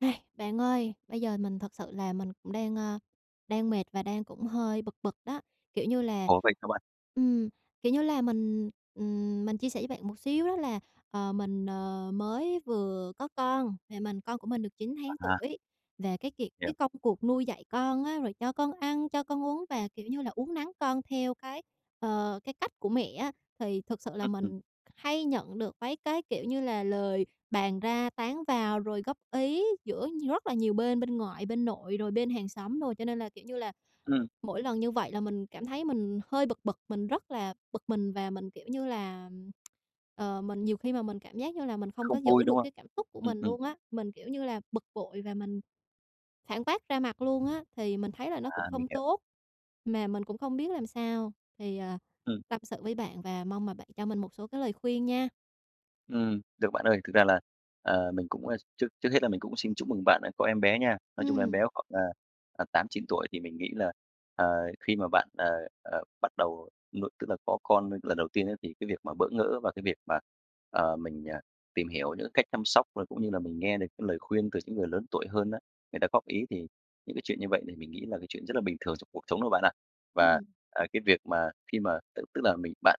Này, bạn ơi, bây giờ mình thật sự là mình cũng đang, ơ, đang mệt và đang cũng hơi bực bực đó. Kiểu như là, Ồ, vậy sao bạn? ừm, kiểu như là, mình, ừm, mình chia sẻ với bạn một xíu đó là, ờ, mình, ờ, mới vừa có con, và mình con của mình được 9 tháng À. tuổi, và cái kiệt cái Hiểu. công cuộc nuôi dạy con á rồi cho con ăn, cho con uống và, kiểu như là, uốn nắn con theo cái, ờ, cái cách của mẹ á, thì thực sự là Ưm, ừm. mình hay nhận được mấy cái, kiểu như là, lời bàn ra tán vào, rồi góp ý giữa rất là nhiều bên, bên ngoại, bên nội rồi bên hàng xóm đồ. Cho nên là, kiểu như là, Ừm. mỗi lần như vậy là mình cảm thấy mình hơi bực bực, mình rất là bực mình và mình, kiểu như là, ờ, mình nhiều khi mà mình cảm giác như là mình không Không có vui, giữ được đúng không? cái cảm xúc của Ừm, mình ừm. luôn á. Mình, kiểu như là, bực bội và mình phản bác ra mặt luôn á, thì mình thấy là nó cũng À, mình không hiểu. tốt, mà mình cũng không biết làm sao. Thì, à, Ừm. tâm sự với bạn và mong mà bạn cho mình một số cái lời khuyên nha. Ừm, được bạn ơi, thực ra là, ờ, mình cũng trước trước hết là mình cũng xin chúc mừng bạn đã có em bé nha. Nói chung là em bé Ừm. khoảng, à, 8-9 tuổi thì mình nghĩ là, ờ, khi mà bạn, ờ, ờ, bắt đầu nuôi tức là có con lần đầu tiên á, thì cái việc mà bỡ ngỡ và cái việc mà, ờ, mình tìm hiểu những cái cách chăm sóc, rồi cũng như là mình nghe được cái lời khuyên từ những người lớn tuổi hơn á người ta góp ý, thì những cái chuyện như vậy thì mình nghĩ là cái chuyện rất là bình thường trong cuộc sống đó bạn ạ. Và, Ừm. à, cái việc mà khi mà tức tức là, mình bạn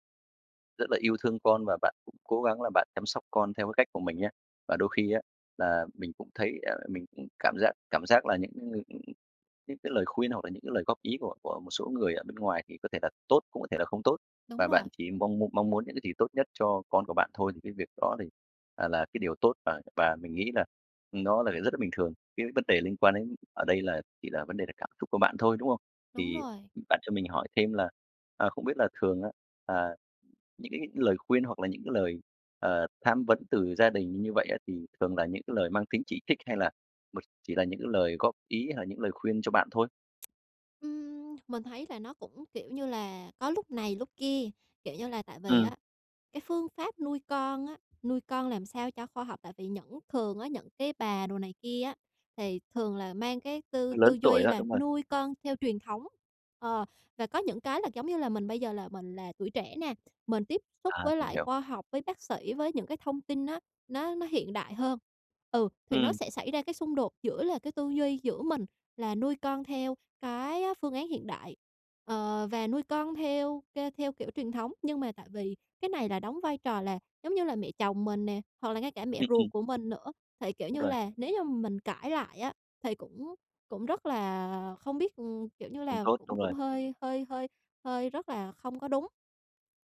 rất là yêu thương con và bạn cũng cố gắng là bạn chăm sóc con theo cái cách của mình nhá, và đôi khi á là mình cũng thấy, à, mình cũng cảm giác cảm giác là những những cái lời khuyên hoặc là những cái lời góp ý của của một số người ở bên ngoài thì có thể là tốt, cũng có thể là không tốt. Đúng Và rồi. bạn chỉ mong mu mong muốn những cái gì tốt nhất cho con của bạn thôi thì cái việc đó thì, à, là cái điều tốt và và mình nghĩ là nó là rất là bình thường. Cái vấn đề liên quan đến ở đây là chỉ là vấn đề về cảm xúc của bạn thôi, đúng không? Đúng Thì rồi. bạn cho mình hỏi thêm là, ờ, không biết là thường á, à, những cái lời khuyên hoặc là những cái lời, ờ, tham vấn từ gia đình như vậy á thì thường là những cái lời mang tính chỉ trích hay là b chỉ là những cái lời góp ý hay là những lời khuyên cho bạn thôi? Ừm, mình thấy là nó cũng, kiểu như là, có lúc này lúc kia, kiểu như là, tại vì Ừm. á cái phương pháp nuôi con á, nuôi con làm sao cho khoa học, tại vì những thường á những cái bà đồ này kia á thì thường là mang cái tư Lớn tư tuổi duy đó, là đúng rồi. nuôi con theo truyền thống. Ờ, và có những cái là, giống như là, mình bây giờ là mình là tuổi trẻ nè, mình tiếp xúc À, với mình lại hiểu. khoa học, với bác sĩ, với những cái thông tin á, nó nó hiện đại hơn. Ừ, thì nó Ừm. sẽ xảy ra cái xung đột giữa là cái tư duy giữa mình là nuôi con theo cái á phương án hiện đại, ờ, và nuôi con theo k theo kiểu truyền thống. Nhưng mà tại vì cái này là đóng vai trò là, giống như là, mẹ chồng mình nè hoặc là ngay cả mẹ Ừm, ừm. ruột của mình nữa, thì, kiểu Đúng như rồi. là, nếu như mà mình cãi lại á thì cũng cũng rất là không biết ừm, kiểu như Không là, tốt, cũng đúng rồi. cũng hơi hơi hơi hơi rất là không có đúng.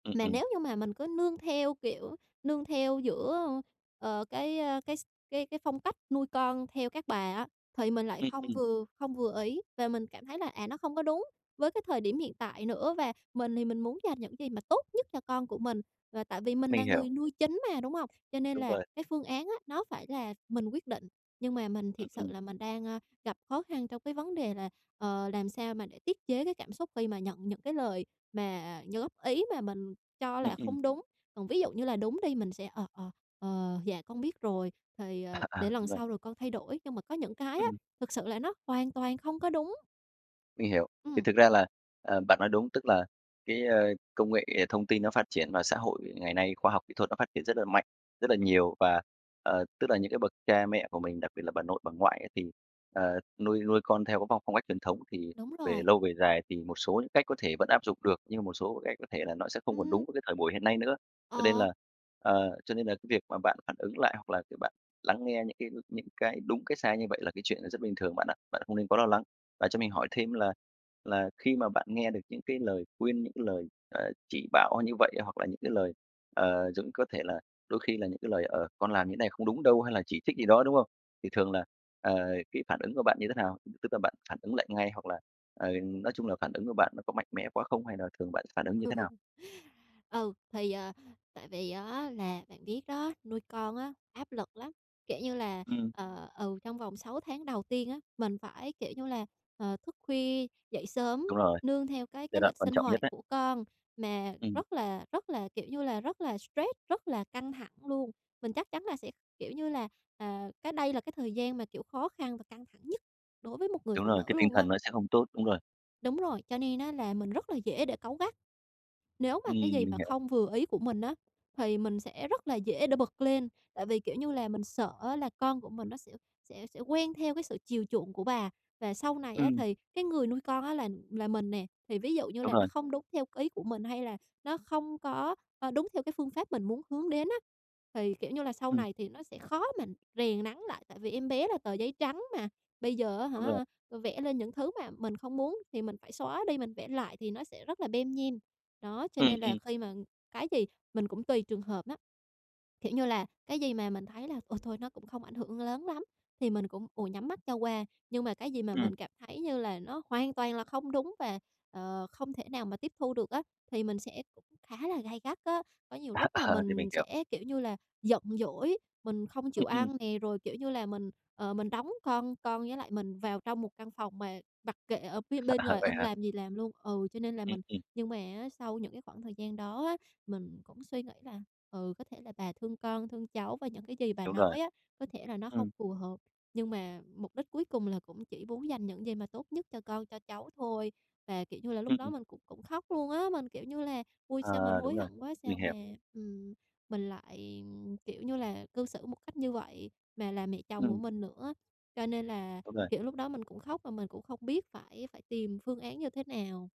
Ừm, Mà ừm. nếu như mà mình cứ nương theo, kiểu, nương theo giữa, ờ, cái, ơ, cái x cái cái phong cách nuôi con theo các bà á thì mình lại Ừm, không ừm. vừa không vừa ý và mình cảm thấy là, à, nó không có đúng với cái thời điểm hiện tại nữa. Và mình thì mình muốn dành những gì mà tốt nhất cho con của mình, và tại vì mình là Mình hiểu. người nuôi chính mà, đúng hông? Cho nên Đúng là rồi. cái phương án á nó phải là mình quyết định, nhưng mà mình Ừm, thiệt sự ừm. là mình đang, a, gặp khó khăn trong cái vấn đề là, ờ, làm sao mà để tiết chế cái cảm xúc khi mà nhận những cái lời mà như góp ý mà mình cho Ừm, là ừm. không đúng. Còn ví dụ như là đúng đi mình sẽ: "Ờ, ờ, ờ, dạ con biết rồi thì, ờ, À, à, để lần đúng rồi. sau rồi con thay đổi." Nhưng mà có những cái á Ừm. thực sự là nó hoàn toàn không có đúng. Mình hiểu, thì Ừm. thực ra là, ờ, bạn nói đúng. Tức là cái, à, công nghệ thông tin nó phát triển và xã hội ngày nay khoa học kỹ thuật nó phát triển rất là mạnh, rất là nhiều. Và, ờ, tức là những cái bậc cha mẹ của mình, đặc biệt là bà nội, bà ngoại á, thì, ờ, nuôi nuôi con theo cái phong phong cách truyền thống thì Đúng về rồi. lâu về dài thì một số những cách có thể vẫn áp dụng được, nhưng mà một số cái cách có thể là nó sẽ không còn đúng Ừm. với cái thời buổi hiện nay nữa. Cho nên Ờ. là ờ, cho nên là cái việc mà bạn phản ứng lại hoặc là việc bạn lắng nghe những cái những cái đúng cái sai như vậy là cái chuyện rất bình thường bạn ạ. Bạn không nên quá lo lắng. Và cho mình hỏi thêm là là khi mà bạn nghe được những cái lời khuyên, những lời, ờ, chỉ bảo như vậy, hoặc là những cái lời ờ, giống có thể là đôi khi là những cái lời, ờ: "Con làm như này không đúng đâu" hay là chỉ trích gì đó, đúng không? Thì thường là, ờ, cái phản ứng của bạn như thế nào? Tức là bạn phản ứng lại ngay hoặc là, ờ, nói chung là phản ứng của bạn nó có mạnh mẽ quá không hay là thường bạn s phản ứng như thế nào? Ừ, thì, à, tại vì á là bạn biết đó, nuôi con á, áp lực lắm. Kiểu như là, Ừm. ờ, ừ, trong vòng 6 tháng đầu tiên á, mình phải, kiểu như là, ờ, thức khuya dậy sớm Đúng rồi, nương theo cái giai cái đoạn lịch quan sinh trọng nhất hoạt ấy. của con. Mà Ừm. rất là rất là, kiểu như là, rất là stress, rất là căng thẳng luôn. Mình chắc chắn là sẽ, kiểu như là, à, cái đây là cái thời gian mà, kiểu, khó khăn và căng thẳng nhất đối với một người Đúng phụ rồi, cái nữ tinh luôn á. thần nó sẽ không tốt, đúng rồi. Đúng rồi, cho nên á là mình rất là dễ để cáu gắt. Nếu mà Ừm, cái gì mình mà hiểu. không vừa ý của mình á thì mình sẽ rất là dễ để bực lên. Tại vì, kiểu như là, mình sợ á là con của mình nó sẽ sẽ sẽ quen theo cái sự chiều chuộng của bà, và sau này á Ừm. thì cái người nuôi con á là là mình nè, thì ví dụ như Đúng là nó rồi. không đúng theo cái ý của mình hay là nó không có, a, đúng theo cái phương pháp mình muốn hướng đến á, thì, kiểu như là, sau Ừm. này thì nó sẽ khó mà rèn nắn lại. Tại vì em bé là tờ giấy trắng mà, bây giờ á Đúng rồi hả vẽ lên những thứ mà mình không muốn thì mình phải xóa đi, mình vẽ lại thì nó sẽ rất là lem nhem. Đó, cho Ừm, nên là ừm. khi mà cái gì mình cũng tùy trường hợp á. Kiểu như là, cái gì mà mình thấy là "Ôi, thôi nó cũng không ảnh hưởng lớn lắm" thì mình cũng, ồ, nhắm mắt cho qua. Nhưng mà cái gì mà Ừm. mình cảm thấy như là nó hoàn toàn là không đúng và, ờ, không thể nào mà tiếp thu được á thì mình sẽ khá là gay gắt á. Có nhiều À, lúc là ờ, thì mình mình hiểu. sẽ, kiểu như là, giận dỗi, mình không Ừm, chịu ừm. ăn nè, rồi, kiểu như là, mình, ờ, mình đóng con con với lại mình vào trong một căn phòng mà mặc kệ ở phía bên ngoài Vậy ưng hả? làm gì làm luôn ừ, cho nên là Ừm, mình ừm. nhưng mà á, sau những cái khoảng thời gian đó á mình cũng suy nghĩ là, ừ, có thể là bà thương con, thương cháu, và những cái gì bà Đúng rồi. nói á có thể là nó không Ừm. phù hợp, nhưng mà mục đích cuối cùng là cũng chỉ muốn dành những gì mà tốt nhất cho con, cho cháu thôi. Và, kiểu như là, lúc đó Ừm. mình cũng cũng khóc luôn á, mình kiểu như là: "Ôi, sao mình Ờ, đúng hối rồi, hận quá! Sao mình mà, hiểu. ừm, mình lại, kiểu như là, cư xử một cách như vậy, mà là mẹ chồng của Ừm. mình nữa." Cho nên là, Đúng rồi. kiểu, lúc đó mình cũng khóc mà mình cũng không biết phải phải tìm phương án như thế nào.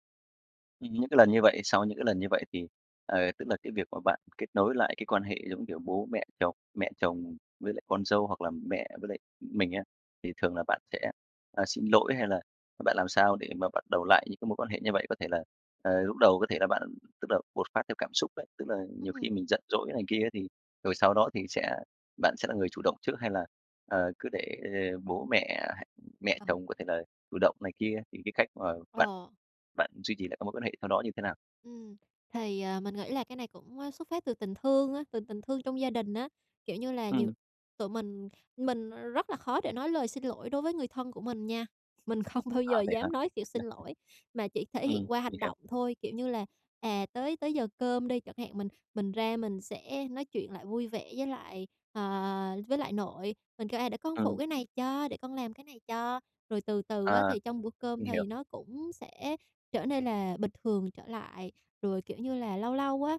Ừm, những cái lần như vậy, sau những cái lần như vậy thì, ờ, tức là, cái việc mà bạn kết nối lại cái quan hệ giống kiểu bố mẹ chồng, mẹ chồng với lại con dâu hoặc là mẹ với lại mình á thì thường là bạn sẽ, ờ, xin lỗi hay là bạn làm sao để mà bắt đầu lại những cái mối quan hệ như [unintelligible] vậy? Có thể là, ờ, lúc đầu có thể là bạn tức là bột phát theo cảm xúc đấy, tức là, nhiều khi Ừm. mình giận dỗi này kia thì rồi sau đó thì sẽ bạn sẽ là người chủ động trước hay là, ờ, cứ để bố mẹ ha mẹ Ờ. chồng có thể là chủ động này kia? Thì cái cách mà bạn Ờ. bạn duy trì lại các mối quan hệ sau đó như thế nào? Ừm, thì, à, mình nghĩ là cái này cũng, ờ, xuất phát từ tình thương á, từ tình thương trong gia đình á. Kiểu như là, nhiều Ừm. tụi mình mình, ờ, rất là khó để nói lời xin lỗi đối với người thân của mình nha, mình không bao À, giờ vậy hả? dám nói chịu xin lỗi mà chỉ thể Ừm, hiện qua mình hành hiểu. động thôi, kiểu như là, à, tới tới giờ cơm đi chẳng hạn mình mình ra mình sẽ nói chuyện lại vui vẻ với lại, à, với lại nội, mình kêu: "À, để con phụ Ừm. cái này cho! Để con làm cái này cho!" Rồi từ từ À, á thì trong bữa cơm mình hiểu. thì nó cũng sẽ trở nên là bình thường trở lại. Rồi, kiểu như là, lâu lâu á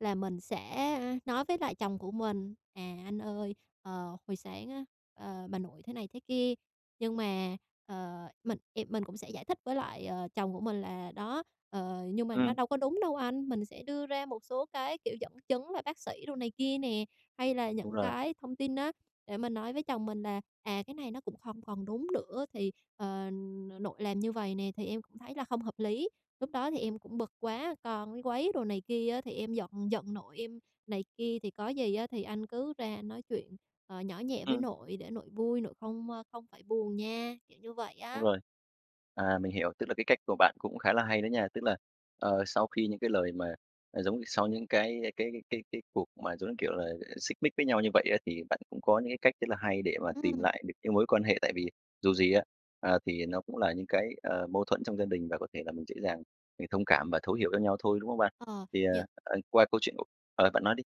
là mình sẽ, ơ, nói với lại chồng của mình: "À, anh ơi, ờ, hồi sáng á, ờ, bà nội thế này thế kia", nhưng mà, ờ, mình, ề, mình cũng sẽ giải thích với lại, ờ, chồng của mình là "Đó, ờ, nhưng mà nó Ừm. đâu có đúng đâu anh!" Mình sẽ đưa ra một số cái, kiểu, dẫn chứng và bác sĩ đồ này kia nè, hay là Đúng những rồi. cái thông tin á, để mình nói với chồng mình là "À, cái này nó cũng không còn đúng nữa, thì, ờ, nội làm như vầy nè thì em cũng thấy là không hợp lý. Lúc đó thì em cũng bực quá, con nó quấy đồ này kia á thì em giận giận nội em này kia. Thì có gì á thì anh cứ ra anh nói chuyện, ờ, nhỏ nhẹ với Ừm. nội để nội vui, nội không, à, không phải buồn nha." Kiểu như vậy Đúng á. rồi. À, mình hiểu, tức là cái cách của bạn cũng khá là hay đó nha! Tức là, ờ, sau khi những cái lời mà, à, giống sau những cái, ơ, cái cái cái cái cuộc mà, giống như kiểu là, xích mích với nhau như vậy á, thì bạn cũng có những cái cách rất là hay để mà tìm Ừm. lại được cái mối quan hệ, tại vì dù gì á, à, thì nó cũng là những cái, ờ, mâu thuẫn trong gia đình và có thể là mình dễ dàng mình thông cảm và thấu hiểu cho nhau thôi, đúng không bạn? Ờ, Thì, ờ, những ờ, qua câu chuyện của ờ, bạn nói đi.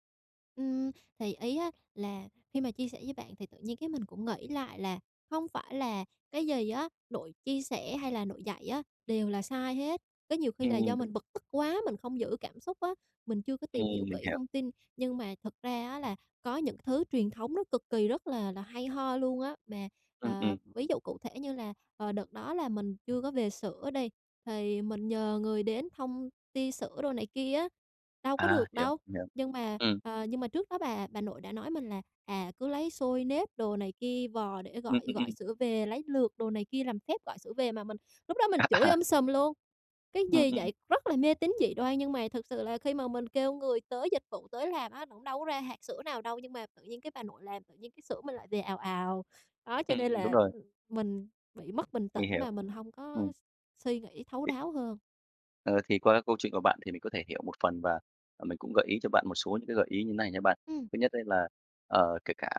Ừm, thì ý á là khi mà chia sẻ với bạn thì tự nhiên cái mình cũng nghĩ lại là hông phải là cái gì á nội chia sẻ hay là nội dạy á đều là sai hết. Có nhiều khi là Ừm, do đúng. mình bực tức quá, mình không giữ cảm xúc á, mình chưa có Ừm, tìm hiểu mình kỹ hiểu. thông tin. Nhưng mà thật ra á là có những thứ truyền thống nó cực kỳ rất là là hay ho luôn á, mà, Ừm, à, ừm. ví dụ cụ thể như là, ờ, đợt đó là mình chưa có về sữa đi, thì mình nhờ người đến thông tia sữa đồ này kia á, đâu có À, được hiểu, đâu. hiểu. Nhưng mà, Ừm. ờ, nhưng mà trước đó bà bà nội đã nói mình là, à, cứ lấy xôi nếp đồ này kia vò để Ừm, gọi ừm, gọi ừm. sữa về, lấy lược đồ này kia làm phép gọi sữa về, mà mình lúc đó mình chửi À. um sùm luôn: "Cái Ừm, gì ừm. vậy?", rất là mê tín dị đoan. Nhưng mà thực sự là khi mà mình kêu người tới dịch vụ tới làm á, nó cũng đâu có ra hạt sữa nào đâu, nhưng mà tự nhiên cái bà nội làm tự nhiên cái sữa mình lại về ào ào. Đó, cho nên Ừm, đúng là rồi. mình bị mất bình Mình tĩnh hiểu, mà mình hông ừm. có s suy nghĩ thấu Thì đáo hơn. ờ, thì qua cái câu chuyện của bạn thì mình có thể hiểu một phần và, ờ, mình cũng gợi ý cho bạn một số những cái gợi ý như thế này nha bạn. Ừm. Thứ nhất ấy là, ờ, kể cả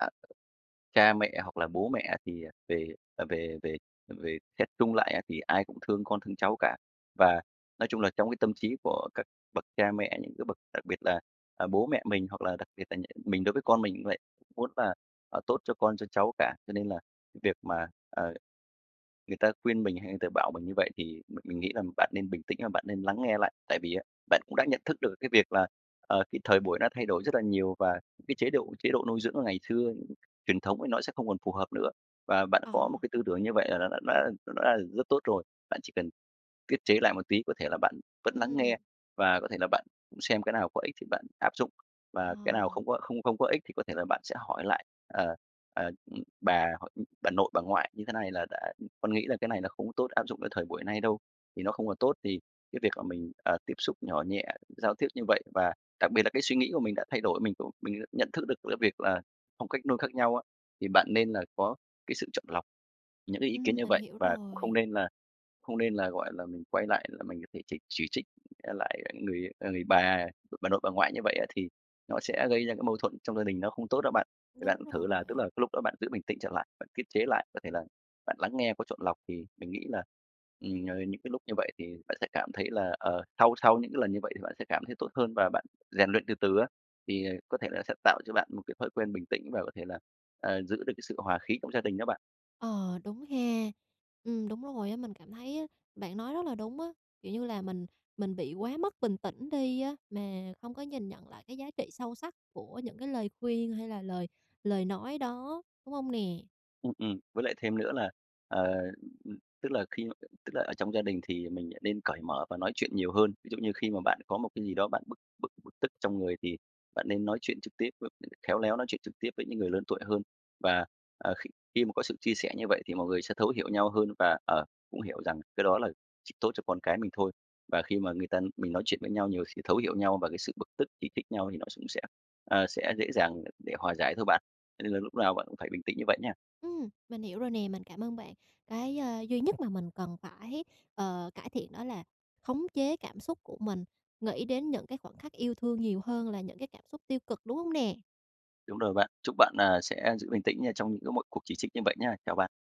cha mẹ hoặc là bố mẹ thì, ờ, về về về về xét chung lại á thì ai cũng thương con thương cháu cả. Và nói chung là trong cái tâm trí của các bậc cha mẹ, những cái bậc đặc biệt là, à, bố mẹ mình hoặc là đặc biệt là nh mình đối với con mình cũng vậy, cũng muốn là, ờ, tốt cho con, cho cháu cả. Cho nên là cái việc mà, ờ, người ta khuyên mình hay người ta bảo mình như vậy thì m mình nghĩ là bạn nên bình tĩnh và bạn nên lắng nghe lại. Tại vì á, bạn cũng đã nhận thức được cái việc là, ờ, cái thời buổi nó thay đổi rất là nhiều và cái chế độ chế độ nuôi dưỡng ngày xưa truyền thống thì nó sẽ không còn phù hợp nữa. Và bạn có một Ờ. cái tư tưởng như vậy là nó đã đã đã là rất tốt rồi. Bạn chỉ cần tiết chế lại một tí, có thể là bạn vẫn lắng Ừm. nghe và có thể là bạn xem cái nào có ích thì bạn áp dụng. Ờ. Và cái nào không có không không có ích thì có thể là bạn sẽ hỏi lại, ờ, ờ, bà hoặc bà nội, bà ngoại như thế này là đã "Con nghĩ là cái này nó không có tốt áp dụng cái thời buổi nay đâu." Thì nó không còn tốt thì cái việc là mình, à, tiếp xúc nhỏ nhẹ, giao tiếp như vậy và đặc biệt là cái suy nghĩ của mình đã thay đổi, mình cũng mình nhận thức được giữa việc là phong cách nuôi khác nhau á. Thì bạn nên là có cái sự chọn lọc những cái ý kiến Ừm, như mình vậy. hiểu Và cũng không rồi. nên là không nên là, gọi là, mình quay lại là mình có thể chỉ chỉ trích lại người, ờ, người bà bà nội, bà ngoại như vậy á, thì nó sẽ gây ra cái mâu thuẫn trong gia đình nó không tốt đó bạn. Thì bạn Đúng thử là, tức là, rồi. cái lúc đó bạn giữ bình tĩnh trở lại, bạn tiết chế lại, có thể là bạn lắng nghe có chọn lọc thì mình nghĩ là, ừm, nh những cái lúc như vậy thì bạn sẽ cảm thấy là, ờ sau sau những cái lần như vậy thì bạn sẽ cảm thấy tốt hơn và bạn rèn luyện từ từ á. Thì, ờ, có thể là sẽ tạo cho bạn một cái thói quen bình tĩnh và có thể là, ờ, giữ được cái sự hòa khí trong gia đình đó bạn. Ờ, đúng ha. Ừm, đúng rồi á, mình cảm thấy á bạn nói rất là đúng á, kiểu như là, mình mình bị quá mất bình tĩnh đi á, mà hông có nhìn nhận lại cái giá trị sâu sắc của những cái lời khuyên, hay là lời lời nói đó, đúng hông nè? Ừm, ừm. Với lại thêm nữa là, ờ, ừm, ừm, tức là khi mà, ừ tức là ở trong gia đình thì mình lại nên cởi mở và nói chuyện nhiều hơn. Ví dụ như khi mà bạn có một cái gì đó bạn bực bực bực tức trong người thì bạn nên nói chuyện trực tiếp với, ừm, khéo léo nói chuyện trực tiếp với những người lớn tuổi hơn. Và, ờ, khi khi mà có sự chia sẻ như vậy thì mọi người sẽ thấu hiểu nhau hơn và, ờ, cũng hiểu rằng cái đó là chỉ tốt cho con cái mình thôi. Và khi mà người ta mình nói chuyện với nhau nhiều khi thấu hiểu nhau và cái sự bực tức, chỉ trích nhau thì nó cũng sẽ, à, sẽ dễ dàng đ để hòa giải thôi bạn. Cho nên là lúc nào bạn cũng phải bình tĩnh như vậy nha. Ừm, mình hiểu rồi nè, mình cảm ơn bạn. Cái, a, duy nhất mà mình cần phải, ờ, cải thiện đó là khống chế cảm xúc của mình, nghĩ đến những cái khoảnh khắc yêu thương nhiều hơn là những cái cảm xúc tiêu cực, đúng hông nè? Đúng rồi bạn. Chúc bạn, à, sẽ giữ bình tĩnh nha trong những cái mọi cuộc chỉ trích như vậy nha. Chào bạn.